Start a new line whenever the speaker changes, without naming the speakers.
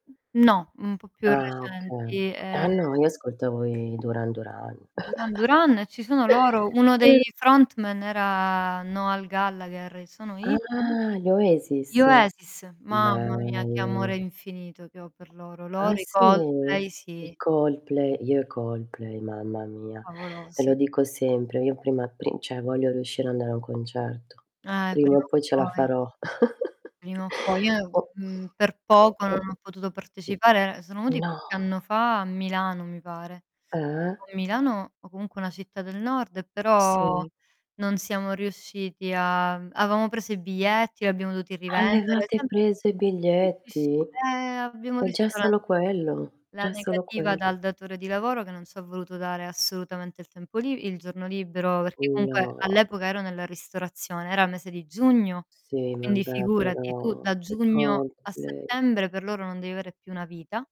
No, un po' più
Ah okay.
recenti,
Ah
ehm
no, io ascoltavo i Duran Duran.
Duran Duran ci sono loro, uno dei
[unintelligible]
frontman era Noel Gallaghere e sono i?
Ah, gli
Gli
Oasis?
Oasis. Mamma mia, che
Bello.
amore infinito che ho per loro.
Ah
Loro i
sì,
Coldplay
i
sì.
Coldplay. Io i Coldplay mamma mia. E lo
Favolosi.
dico sempre, io prima pri cioè voglio riuscire a andare a un concerto.
Eh,
Prima
prima
o
o
poi ce la
poi.
farò.
Prima o poi. Io,
O
mhmm,
[unintelligible]
per
O
poco non
o
ho potuto partecipare. Sono venuti
No.
qualche anno fa a Milano, mi pare.
Ah-ah.
O Milano o comunque una città del nord, però
Sì.
non siamo riusciti a avevamo preso i biglietti, li abbiamo dovuti rivendere.
Avevate
Sem
preso i
sì, sì, sì.
biglietti?
Ehm, abbiamo
E già
[unintelligible]
solo quello
la
già solo
negativa
quello.
dal datore di lavoro che non ci ha voluto dare assolutamente il tempo li il giorno libero, perché comunque
No.
all'epoca ero nella ristorazione, era il mese di giugno,
Sì,
quindi
vabbè
figurati tu da
però i
giugno a
Coldplay
settembre per loro non devi avere più una vita